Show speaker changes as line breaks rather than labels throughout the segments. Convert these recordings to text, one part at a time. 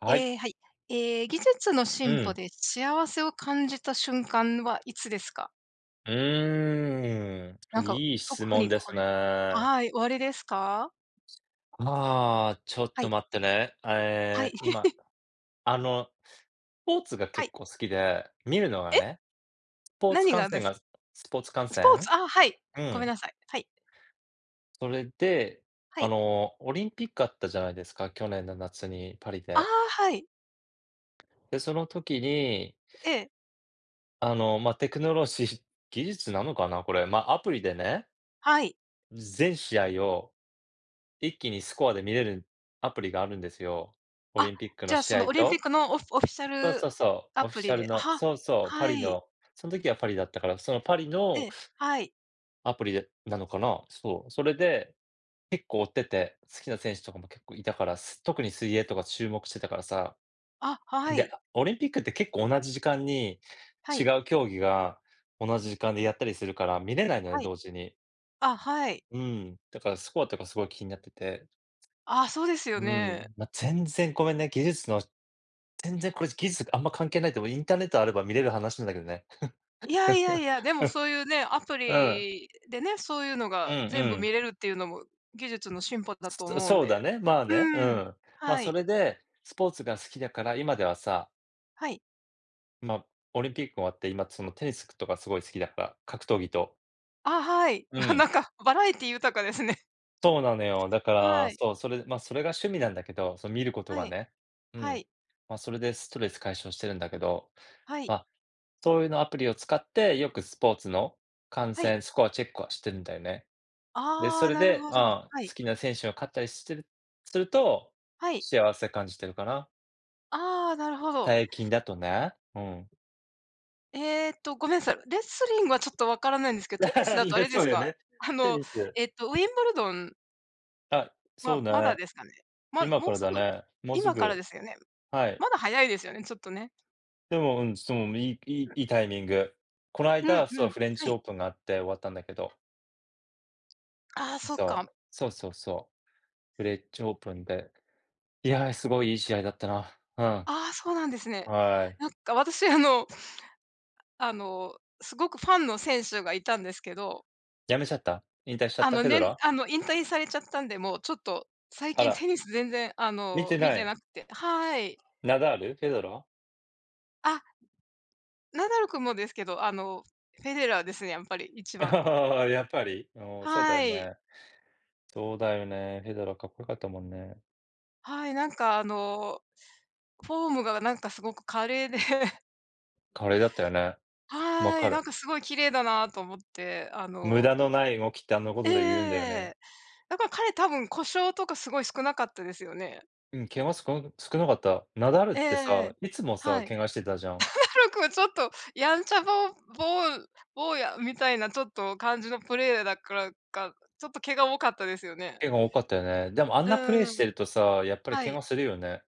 はい。
ええ、はい。ええ、技術の
う
進歩
ん。
で幸せを感じた瞬間はいつですか？
うー
な
ん、
んか、
いい質
特
問
に
です
これ
ね。
はい、おありですか？
ああ、ちょっ
は
と
い。
待ってね、あ、
は
え
い。
え、今、あの、スポーツが
は
結
い。
構好きで、見るのが
え？
ね、スポーツ
何
観
がで
戦が
す
スポーツ観
スポー
戦？
ツ？ああ、はい、
う
ごめん
ん。
なさい、はい。
それで、
は
あ
い。
の、オリンピックあったじゃないですか、去年の夏に、パリ
ああ、
で。
はい。
で、その時に
ええ。
あの、ま、テクノロジー技術なのかな？これ。ま、アプリでね。
はい。
全試合を一気にスコアで見れるアプリがあるんですよ。オ
あ、
リンピックの
じゃあ
試
その、
合
オリンピッ
と
クのオオフィシャ
そうそ
ル
うそう、
ア
オフィ
プ
シ
リ
ャル
で、
の。
は
そうそう、パ
は
リ
い。
の。そん時はパリだったから、そのパリの、
ええ、はい。
アプリでなのかな。そう、それで結構、追ってて、好きな選手とかも結構いたから、す特に水泳とか注目してたからさ。
あ、は
で、
い。
オリンピックって結構同じ時間に
は
違
い。
う競技が同じ時間でやったりするから見れないのね、
はい。
同時に。
あ、はい。
うん、だからスコアとかすごい気になってて、
ああ、そうですよ
うん、
ね。
ま、全然ごめんね、技術の全然これ技術があんま関係ないと思う、インターネットあれば見れる話なんだけどね。
いやいやいや、でもそうゆうね、ア プ
うん。
リでね、そうゆうの
うん
が
う
全部
ん。
見れるってゆうのも、技術の進歩だと
そ
思うん
そうだ
で。
ね、まあね、う
うん。
ん。ま、
は
そ
い。
れで、スポーツが好きだから、今ではさ
はい。
ま、オリンピック終わって、今つのテニスとかすごい好きだから、格闘技と。
あ、はい。
う
あ、な
ん。
んかバラエティ豊かですね。
そうなのよ。だか
は
ら、
い。
そう、それで、まあ、それが趣味なんだけど、その見ること
は
が
い、
ね。うん。
はい。
まあ、それでストレス解消してるんだけど、
は
ま
い。
あ、そういうのアプリを使って、よくスポーツの観
はい。
戦、スコアチェックはしてるんだよね。で、
あ
そ
あ、
れ
なる
で、
ほど。
ああ、
はい。
好きな選手が勝ったりしてるすると、
はい。
幸せ感じてるかな。
ああ、なるほど。
たいきんだとね、うん。
えっと、ごめんなさい。レスリングはちょっと分からないんですけど、テニス だとあ
れ、
れで
そう
す
だよ
か、
ね。
あ
テ
の、
ニス。
えっと、ウィンブルドン
あ、そう
は、まだ
ね。
ですかね。ま、
今
も
か
う
ら
す
だ
ぐ。
ね、もうす
今からで
ぐ。
すよね。
はい。
まだ早いですよね、ちょっとね。
でも、うん、す、もう、もいいいいいいタイミング。こない
う
だ、
ん
そ
う
う、
ん、
フレンチ
は
オ
い。
ープンがあって終わったんだけど。
ああ、
うん、
そっ
そう、
か。
そうそうそう。フレンチオープンで、いや、すごいいい試合だったな。う
ああ、そうなんですね。
ん。はい。
なんか私あのあの、すごくファンの選手がいたんですけど。
辞めちゃった。引退しちゃっ
あ
た、
の、
フェデ
ね、
ラー。
あの、引退されちゃったんで、もう、ちょっと、最
あ
近
ら。
テニス全然、あ
見
の、
て
見
な
て
い。
なくて。はい。
ナダール、フェデラ。
あ。ナダル君もですけど、あの、フェデラーですね、やっぱり、一番は。
やっぱり？おお、そうだ
は
よ
い。
ね。そうだよね、フェデラかっこよかったもんね。
はい、なんか、あの、フォームがなんかすごく華麗で
華麗だったよね、分
はい、
か
なん
る。
かすごい綺麗だなと思って、あ
無
の
駄のない動きって、あんなこ
え
と
えええ
で言うんだよね。
ええ。だから彼多分故障とかすごい少なかったですよね。
うん、怪我少なく少なかった。ナダルっ
えええ
て
えええ、
さ、いつもさ、
はい。
怪我してたじゃん。
ナダル君ちょっと、やんちゃぼぼう坊やみたいな、ちょっと、感じのプレーヤーだからか、ちょっと怪我多かったですよね。
怪我多かったよね。でもあん
う
なプレイ
ー
して
ん。
るとさ、やっぱり
は
怪
い。
我するよね。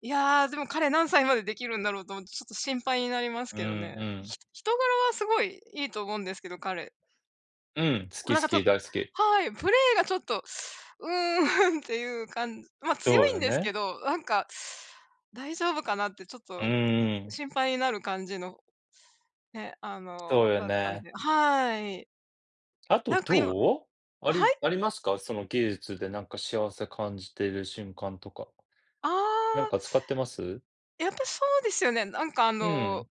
いや、でも彼何歳までできるんだろうと思って、ちょっと心配になります
うん、
けどね。
うん。
ひ人柄はすごい、いいと思うんですけど、彼。
うん、好き
なん
好
か、ちょ
き、大好き。
はい、プレーがちょっと、うーんっていうかんま、強
そう
い
や
んですけ
ね。
ど、なんか、「大丈夫かな」ってちょっ
う
と、
ーん。
心配になる感じの、ね、あ
そ
の、
うよ
だったん
ね。
で。はい。
あと、
なんか今
どう？あ
あ、は
り
い。
ありますか。その技術でなんか、幸せ感じてる瞬間とか。
あ
なん
あ。
か使ってます？
やっぱ、そうですよね。なんか、あ
うーん。
の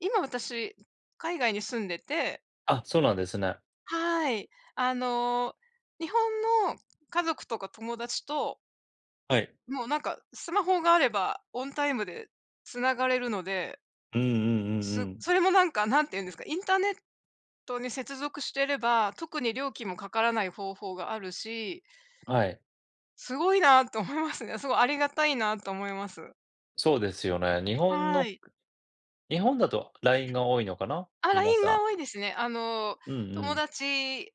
今私、海外に住んでて
あ、そうなんですね。
はい。あの、日本の家族とか友達と
はい。
もう、なんか、スマホがあればオンタイムで繋がれるので
うんうんうん
す
うん。
それもなんか、何て言うんですか、インターネットに接続してれば、特に料金もかからない方法があるし
あ、はい。
すごいなと思いますね、すごいありがたいなと思います。
そうですよね、日本
は
の
い。
日本だと LINE が多いのかな、
あ、
皆
LINE が
さん。
多いですね。あの、
うんう
友
ん。
達、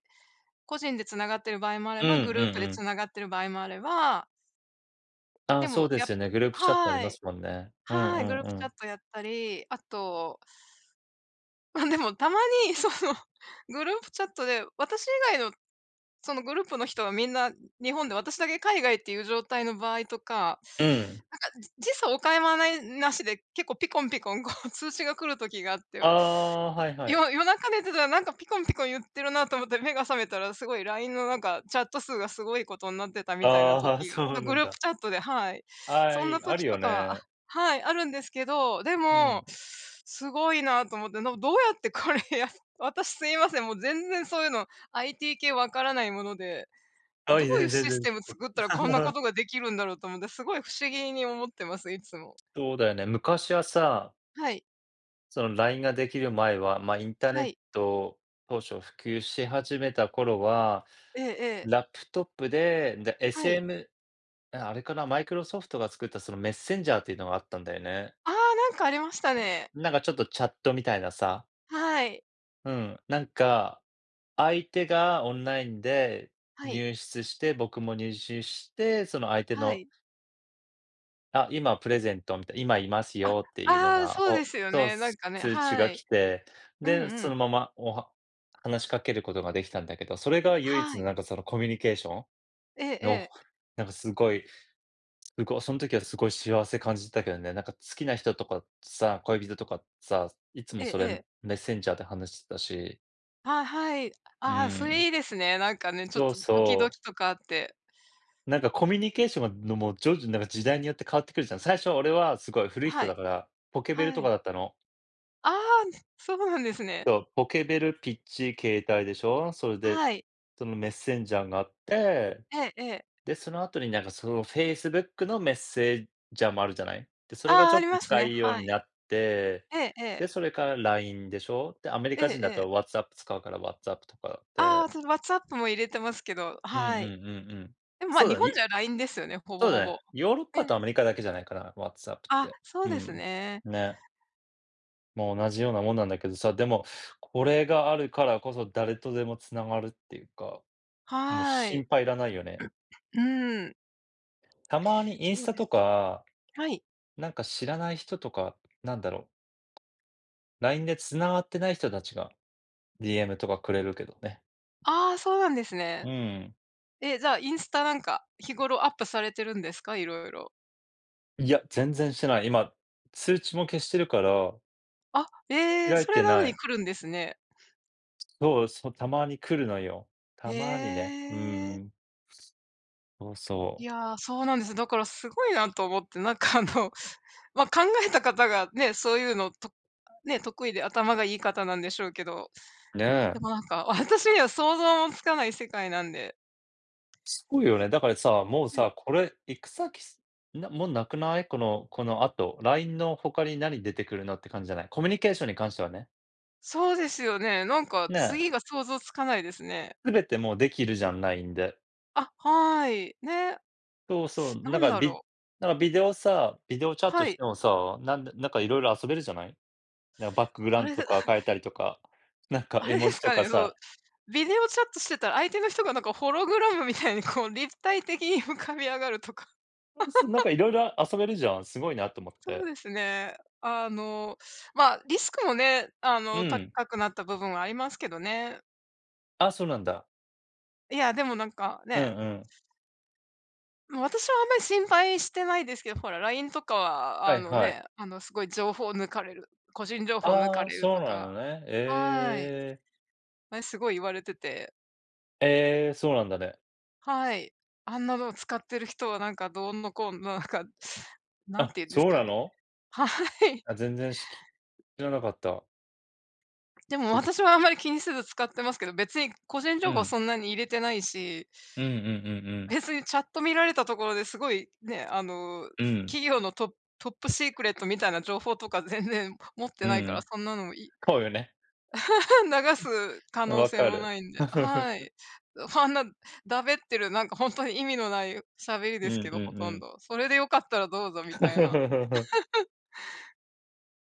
個人で繋がってる場合もあれ
うん、う
ば、グ
ん
ループで
うん。
繋がってる場合もあれば
ああ、
で
そう
も、
で
や
すよね。グループチャってあり
は
ま
い、
すもんね。うんう
はい、
ん
グルー
う
プチャッ
ん。
トやったり、あとま、でもたまに、そのグループチャットで、私以外のそのグループの人はみんな日本で、私だけ海外っていう状態の場合とか、
うん。
なんか、時差おかまない無しで結構ピコンピコン、こう、通知が来る時があって。
ああ、はいはい。
よ夜中寝てたら、なんかピコンピコン言ってるなと思って目が覚めたら、すごい LINE の、なんか、チャット数がすごいことになってた
あ
みたいな
あ、はい、
時が、
そう
ま、
な
グ
ん
ループ
だ。
チャットではい。
は
そんな
い、ある
時と
よ
かはあ、
ね。
はい、あるんですけど、で
う
も、
ん。
すごいなと思って。な、どうやってこれやる私すいません、もう全然そういうの、IT 系分からないもので。
は
ど
い、
ういう
全然全
シス
然
テ
と
ム作ったら、こんなこ とができるんだろうと思って、すごい不思議に思ってます、いつも。
そうだよね、昔はさ
はい。
その LINE が出来る前は、ま、インターネ
は
ッ
い。
ト当初普及し始めた頃は、
ええええ。
ラップトップで、んで、
はい。
SM あ、あれかな、マイクロソフトが作った、その、メッセンジャーっていうのがあったんだよね。
ああ。なんか、ありましたね。
なんかちょっとチャットみたいなさ。
はい。
うん、なんか、相手がオンラインで
はい。
入室して、僕も入室して、その相手
は
の
い。
あ、今プレゼントみた今居ます
あ、
よっていうの
ああ、
が、
そうで
ほ
すよ
と、
ね、なんかね。
通知が
はい。
来て、
うん
で、
う
そ
ん。
のまま、おは話しかけることが出来たんだけど、それが唯一
は
の、
い。
なんか、その、コミュニケーション
ええ
の、
ええ。
なんかすごい、うごそん時はすごい幸せ感じてたけどね。なんか、好きな人とかさ、恋人とかさ、いつ
え
も
え
そ
え
れ、
え。
メッセンジャーで話してたし。
あ、はい。
うー
ああ、それ
ん。
いいですね、なんかね、ちょっ
そう
とドキド
そう。
キとかあって。
なんか、コミュニケーションがのも、徐々ん、なんか、時代によって変わってくるじゃん。最初は俺は、すごい古い
は
人だ
い。
から、ポケベル
は
とか
い。
だったの。
ああん、そうなんですね。
そう、ポケベル、ピッチ、携帯でしょ。それで、
はい。
そのメッセンジャーがあって、
ええええ。
で、その後になんかその facebook のメッセージャーもあるじゃない？で、それが
ああ、
ちょ
あ
っ
り
と
ます
使
ね、
いよう
は
に
い。
なって、
ええええ。
で、それから LINE でしょ。で、アメリ
え
カ
え
人だ
え
った
え。
ら WhatsApp 使うから WhatsApp とかっ
ああ、
て。
その、WhatsApp も入れてますけど、
うんう
はい。
んうんうん。
でもまあ、
そう
日
だね
本
い
じゃ LINE ですよね、ほぼ
そう
ほ
だね、
ぼ。
ヨーロッ
え
パとア
え。
メリカだけじゃないかな、WhatsApp っ
あ、
て。
そう
う
です
ん。
ね。
ね。まあ、同じようなもんなんだけどさ、でも、これがあるからこそ誰とでも繋がるっていうか、もう
は
心
い。
配いらないよね。
うーん。
たまにインス
そう
タ
で
と
す
か、
はい。
なんか知らない人とか、なんだろう？LINE で繋がってない人たちが、DM とかくれるけどね。
ああ、そうなんですね。
うん。
え、じゃあ、インスタなんか、日頃アップされてるんですか、色々。
いや、全然してない。今、通知も消してるから。
あ、ええ、
開い
そ
て
れなの
な
に
い。
来るんですね。
そう、そ、たまに来るのよ、た
へ
まにね。うー
え。
ん。そうそ
い
う。
やあ、そうなんです。だからすごいなと思って、なんかあの、ま、考えた方がね、そういうの、とあ、得意で頭がいい方なんでしょうけど。
ね
で
え。
もなんか、私には想像もつかない世界なんで
すごいよね、だからさ、もう
はい。
さ、これ行く先、す、な、もうなくない？このこの後、LINE の他に何出てくるのって感じじゃない？コミュニケーションに関してはね。
そうですよね、なんか
ね。
次が想像つかないですね。
全てもうできるじゃん、LINE で。
あ、はい、ね。
そうそう、
な
なん
ん
か
だ
ビ
ろう。
なんかビデオさビデオチャット
は
し
い。
てもさ、なんでなんか色々遊べるじゃない？なん、バックグラウ
あ
ン
れ
ド
で、
と
あ
か変えたりとか、なんか
あ
絵
れ
文
で
字
す
と
か
か
ね、そう、
さ。
ビデオチャットしてたら、相手の人がなんかホログラムみたいに こう立体的に浮かび上がるとか。
そう、そ、なんか 色々遊べるじゃん、すごいなと思っ
そう
て。
ですね。あの、ま、リスクもね、あ
う
の、
ん。
高くなった部分ありますけどね。
あ、そうなんだ。
いや、でもなんか、
う
ね。
んうん。
うん、私はあんまり心配してないですけど、ほら LINE とかは、
は
あ
い
の
はい。
ね、あの、すごい情報抜かれる、個人情報抜
あ
か
あ、
れる
そう
と
な
か
のね、
はい。
ええ。
あれすごい言われてて。
ええ、そうなんだね。
はい、あんなのを使ってる人はなんかどうのこうのなんか、何
あ、
て言うんです
そう
か
な
ね、
の？
はい。
あ、全然しき知らなかった。
で
ち
も
ょっと
私はあんまり気にせず使ってますけど、別に個人
う
情報は
ん。
そんなに入れてないし。
うんうんうんうん。
別にチャット見られたところで、すごい、ね、あの、
うん。
企業のトトップシークレットみたいな情報とか全然持って
う
ないから、
ん。
そんなのもい
ほうよね。
流す可能
分
性
か
もな
る。
いんで。は い。ふぁんな、だべってるなんか、ほんとに意味のないしゃべり
う
です
ん
け
う
ど、ほ
んう
とん
ん。
ど。それで良かったらどうぞみたいな。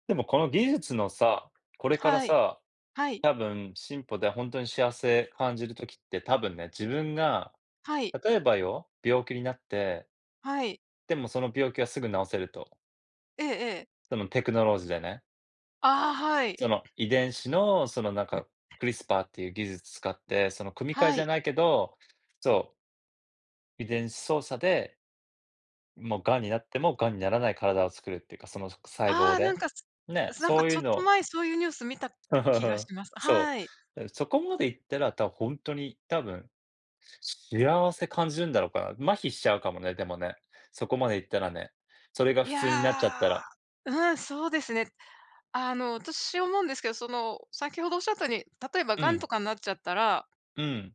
でもこの技術のさ、これから
はい、
さ、
はい。
多分進歩でほんとに幸せ感じる時って多分ね、自分が、
はい。
例えばよ、病気になって
はい。
でもその病気はすぐ治せると。
ええええ。
そのテクノロジーでね。
ああ、はい。
その、遺伝子の、その、なんか、クリスパーっていう技術使って、その組み替え
は
じゃ
い。
ないけど、そう。遺伝子操作で、もう癌になっても癌にならない体を作るってか、そのすく細胞
ああ、なん
で。
かす
ね、
すなんか
そうい
ちょ
う
っと
の
前、そういうニュース見た気が します。
そ
はい。
う。うん、そこまでいったら、たほんとに多分、幸せ感じるんだろうかな、麻痺しちゃうかもね、でもね。そこまでいったらね。それが
い
普通になっちゃっ
や。
たら。
うん、そうですね。あの、私思うんですけど、その、先ほど仰ったように、例えば
う
癌
ん。
とかんなっちゃったら
うん。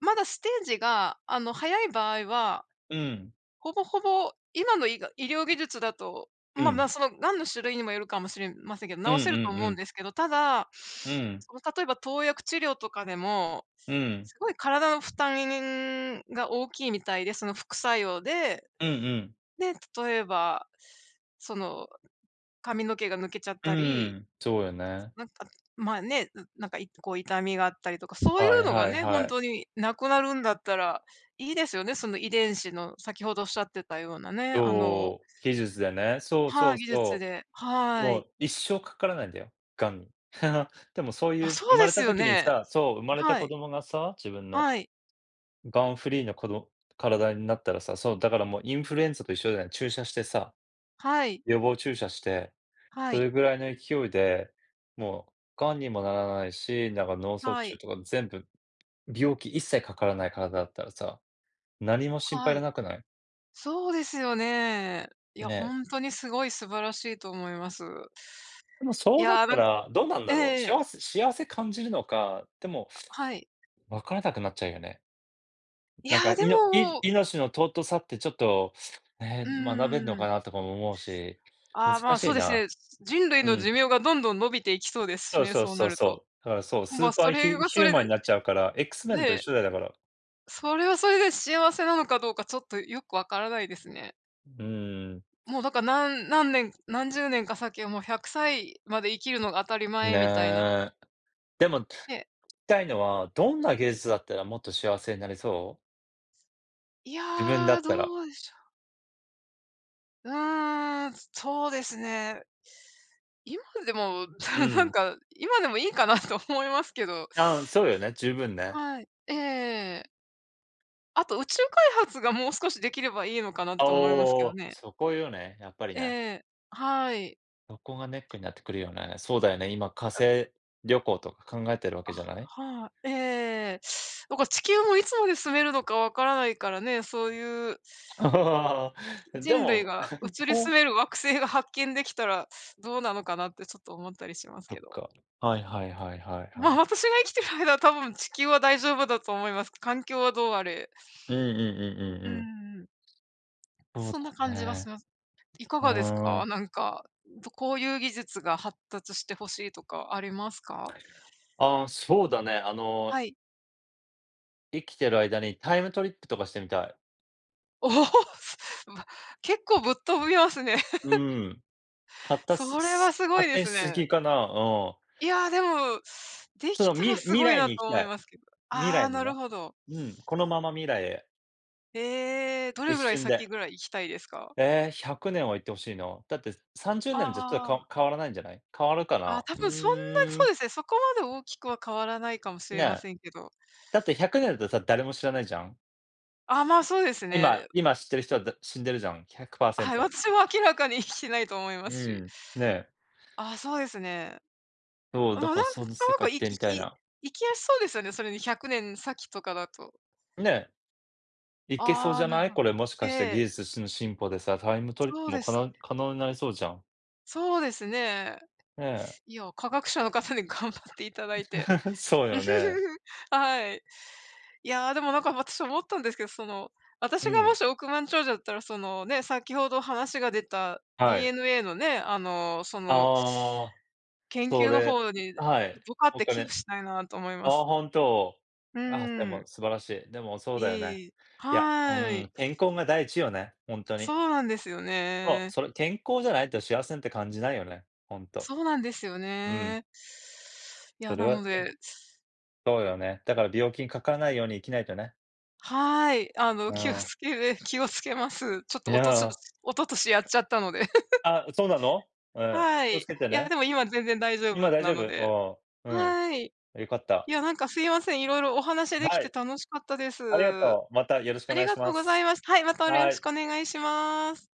まだステージが、あの、早い場合は、
うん。
ほぼほぼ、今のいが医療技術だと、
う
まあま
ん。
あ、その癌の種類にもよるかもしれませんけ
うん
ど、
う
治せると
んう
思うん
ん。
ですけど、ただ、
うん。
その、例えば投薬治療とかでも、
うん。
すごい体のふたににんが大きいみたいで、その副作用で。
うんうん。
で、例えば、その、髪の毛が抜けちゃっ
う
た
ー
り、
ん、そうよね。
なんか、まあね、うん、なんかいこう、痛みがあったりとか、そうい
は
う
い
のが
はい
ね、ほ
は
ん
い。
とに無くなるんだったら、いいですよね、その遺伝子の先ほど仰ってたようなね、あの
そう。技術でね、そうそ
はい、
う
技術
そ
で。
う。
は
も
い。
う一生かからないんだよ、癌に。でもそうい
あ、
う、
そ
生
う
ま
で
れ
す
た
よ
時に
ね。
さそう、生ま
あ、
れた
は
子
い。
供がさ、自分の。
はい。
癌フリーのこど体になったらさ、そう、だからもうインフルエンザと一緒だよ、注射してさ。
はい。
予防注射して。
は
そ
い。
れぐらいの勢いで、もう癌にもならないし、なんか、脳卒
は
中
い。
とか全部、病気一切かからない体だったらさ、何も心配
は
要ら
い。
なくない？
そうですよね。いや、ほ
ね。
んとにすごい素晴らしいと思います。
でもそ
い
うなっ
や、
た
なん
ら、どうなん
え
だ
え
ろう、
ええ。
幸せ幸せ感じるのか。でも、
あ、はい。
分からなくなっちゃうよね。
い
なん
や、
か、
で
いのい
も
命の尊さってちょっと、
う
ね、学べんのか
ーん。
なとかも思うし、難
あ、ま、
し
そう
い
です
な。
ね、人類
う
の
ん。
寿命がどんどん伸びていきそうです
そ
し
う
ね、
そう
そう
そ
な
う
ると。
そう。だからそう、ス
ま、
ーパ
そ
ー
れ
ヒ
は
ヒ
そ
ュー
れ
マン
で
になっちゃうから。エックスメンと一
ね。
緒だよ、だから。
それはそれで幸せなのかどうか、ちょっとよく分からないですね。
うーん。
もうだからなん何年、何十年か先はもう、100歳まで生きるのが当たり前みたいな。
ね。でも、
ええ。
たいのは、どんな技術だったらもっと幸せになれそう？
い
自分だ
や、
ったら。
どうでしょ。うーん、そうですね。今でも
う
なん
ん。
か、今でもいいかなと思いますけど。
あ、そうよね、十分ね。
はい、ええええええ。あと宇宙開発がもう少し出来ればいいのかな
あ、
と思いますけ
お
ど
お、
ね。
そこよね、やっぱり
え
ね。
え、はい。
そこがネックになってくるよね。そうだよね、今火
あ
星旅行とか考えてるわけ
あ、
じゃない？
はい。ええええええ。だから地球もいつまで住めるのか分からないからね、そういう
ああ、あ、で
人類
も。
が 移り住
と
める惑星が発見出来たら、どうなのかなってちょっと思ったりします
そ
け
っ
ど。
か。はいはいはいはいは
まあ、
い。
私が生きてる間は多分地球は大丈夫だと思います。環境はどうあれ。
うんうんうん
う
うんうん。
んうん。
そう
そんな
だ
感じがし
ね。
ますいか
う
がです
ー
か。
ん。
なんか、とこういう技術が発達して欲しいとかありますか？
ああ、そうだね、あの
はい。
生きてる間にタイムトリップとかしてみたい。
おお！すぶ結構ぶっ飛びますね。
う ん。発達
それは
す
すごい
発
で
展
す
しす
ね。
ぎかな、うん。
いや、でも、で
そ
き
の
た
み
らす
未
ごい
来
な
に
と
行き
思
た
い
い。
ますけど、
未
ああ、
来に
な
ね、
るほど。
うん、このまま未来へ。
へえ、ど
一
れぐらい
瞬
先
で。
ぐらい行きたいですか？
え、100年は行って欲しいな。だって30年じゃ、ちょっと
あ
か
あ。
変わらないんじゃない？変わるか
あ、
な？
多
う
分そんなに、
ー
そう
ん。
ですね、そこまで大きくは変わらないかもしれま
ね。
せんけど。
だって100年だとさ、誰も知らないじゃん。
あ、まあ、そうです
今
ね。
今知ってる人はだ死んでるじゃん、ひゃくパーセン
はい、
ト。
私も明らかに生きてないと思いま
う
すし。
ん、ね。
あ、そうですね。
そう、
まあ、
だ
なん
から
なん
その世界
か、
行っ
い、
てみ
き
たい
き、
な。
いきやすそうですよね、それに100年先とかだと。
ね。いけそう
あ
じ
あ、
ゃ
なる
な
ほ
い。
ど。
これもし
え
かして技
え。
術しの進歩でさ、タイムトリッ
そ
プ
う
も
で
可
す
能
ね。
可能になりそうじゃん。
そうですね。
ね。
いや、科学者の方に頑張っていただいて、
そうよね。
はい。いや、でもなんか私思ったんですけど、その、
う
私がも
ん。
し億万長者だったら、そのね、先ほど話が出た
はい。
DNA のね、あのその
ああ。
研
そ
究の
れ、
方に、
はい。
どかっ
お
て寄付
金。
したいなと思いま
あ
す。
あ、本当。
う
あ、で
ー
も
ん。
素晴らしい。でもそうだよね。
ええ、
いや、う
は
ー
い。
ん、健康が第一よね、ほんと
そ
に。
うなんですよ
そう、
ね。
それ健康じゃないと幸せって感じないよね、ほんと。
そうなんですよ
うん。
ね。い
そ
や、
れ
な
は、
の
けん
で
そうだよね。だから病気にかからないように生きないとね。
はい、あの、
う
気を付
ん。
けれ気を付けます。ちょっ
い
とおとしょじ
や。
一昨年やっちゃったので。
ああ、そうなの。うん、
は
気を
い。い
付けて
や、
ね。
でも今全然大丈
今
夫
大
な
丈
ので。
夫。ああ、うん。
はい。い
良かった。
や、なんかすいません、色々お話でき
は
て
い。
楽しかったです。
ありが
あ
とう。またよろしくお願
り
い
が
し
と
ま
うござい
す。
ます。はい、またよろ
は
し
い。
くお願いします。